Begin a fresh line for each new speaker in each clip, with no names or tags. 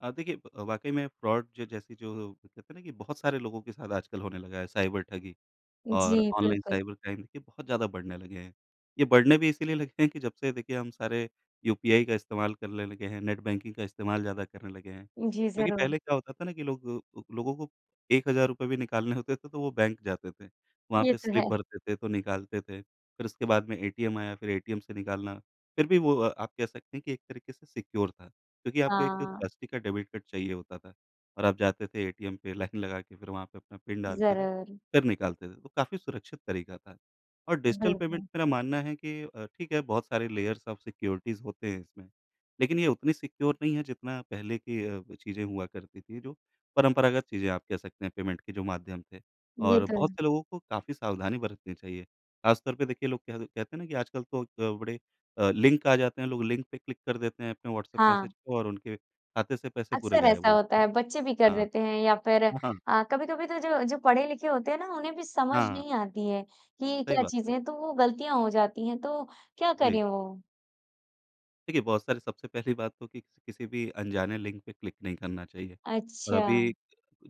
अ, देखिए अ, वाक़ई में फ्रॉड ज जैसी जो, कहते हैं ना कि बहुत सारे लोगों के साथ आजकल होने लगा है, साइबर ठगी और
जी,
ऑनलाइन
बिल्कुल।
साइबर क्राइम ये बहुत ज़्यादा बढ़ने लगे हैं। ये बढ़ने भी इसलिए लगे हैं कि जब से देखिए हम सारे यूपीआई का इस्तेमाल करले लगे हैं, नेट बैंकिंग का इस्तेमाल ज़्यादा करने लगे हैं।
जी,
क्योंकि पहले
ज़रूर।
क्या होता था ना कि लोग अ, लोगों को 1,000 भी निकालने होते थे तो वो बैंक जाते थे, वहाँ
ये
पे
तो
स्लिप
है।
भरते थे तो निकालते थे। फिर उसके बाद में एटीएम आया, फिर एटीएम से निकालना, फिर भी वो अ, आप कह सकते हैं कि एक तरीक़े से सिक्योर था, क्योंकि आपको एक
हाँ।
प्लास्टिक का डेबिट कार्ड चाहिए होता था और आप जाते थे एटीएम पे लाइन लगा के फिर वहाँ पे अपना पिन डालते थे,
ज़रूर।
फिर निकालते थे, तो काफ़ी सुरक्षित तरीका था। और डिजिटल पेमेंट
बिल्कुल।
मेरा मानना है कि अ, ठीक है, बहुत सारे लेयर्स ऑफ सिक्योरिटीज़ होते हैं इसमें, लेकिन ये उतनी सिक्योर नहीं है, जितना पहले की अ, चीज़ें हुआ करती थी, जो परंपरागत चीज़ें आप कह सकते हैं, पेमेंट की जो माध्यम थे।
ये
और
तो
बहुत
है।
से लोगों को काफ़ी सावधानी बरतनी चाहिए, ख़ास तौर पे देखिए लोग कह दे कहते हैं ना कि आजकल तो अ, बड़े अ, लिंक आ जाते हैं, लोग लिंक पे क्लिक कर देते हैं अपने व्हाट्सएप
हाँ।
मैसेज और उनके खाते से पैसे पूरे
अक्सर
गायब
ऐसा
हो
होता
जाते हैं।
है, बच्चे भी कर
हाँ।
देते हैं या फिर
हाँ, हाँ।
अ, कभी-कभी तो जो जो पढ़े-लिखे होते हैं ना, उन्हें भी समझ
हाँ।
नहीं आती है, कि
सही
क्या
बात है।
चीज़ें हैं, तो वो गलतियाँ हो जाती है, तो क्या
जी।
करें वो?
देखिए, बहुत सारी सबसे पहली बात तो कि किसी भी अनजाने लिंक पे क्लिक नहीं करना चाहिए। और अभी
अच्छा।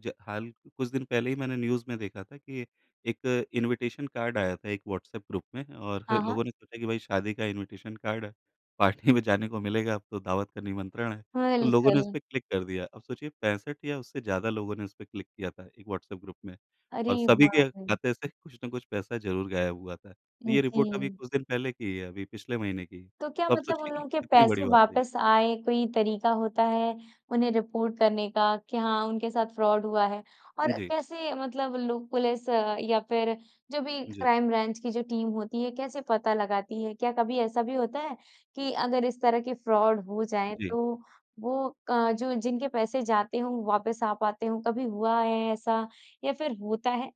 ज हाल कुछ दिन पहले ही मैंने न्यूज़ में देखा था, कि एक इनविटेशन कार्ड आया था, एक व्हाट्सएप ग्रुप में और
हाँ, हाँ।
लोगों ने सोचा कि भाई शादी का इनविटेशन कार्ड है, पार्टी में जाने को मिलेगा, अब तो दावत का निमंत्रण है। तो लोगों ने उसपे
बिल्कुल।
क्लिक कर दिया, अब सोचिए 65 या उससे ज़्यादा लोगों ने उसपे क्लिक किया था, एक व्हाट्सएप ग्रुप में,
अरे
और सभी
बाप
के
रे!
खाते से कुछ न कुछ पैसा ज़रूर गायब हुआ था। तो ये रिपोर्ट अभी
जी।
कुछ दिन पहले की ही है, अभी पिछले महीने की,
तो क्या
तो आप
मतलब उन
सोचिए कि
लोगों के
कितनी बड़ी
पैसे
बात है ये।
वापस आए, कोई तरीक़ा होता है, उन्हें रिपोर्ट करने का, कि हाँ, उनके साथ फ्रॉड हुआ है?
उ,
और
जी।
कैसे मतलब लोग पुलिस या फिर जो भी
जी।
क्राइम ब्रांच की जो टीम होती है, कैसे पता लगाती है? क्या कभी ऐसा भी होता है, कि अगर इस तरह के फ्रॉड हो जाएँ,
जी।
तो वो क जो जिनके पैसे जाते हों, वापस आ पाते हों, कभी हुआ है ऐसा या फिर होता है?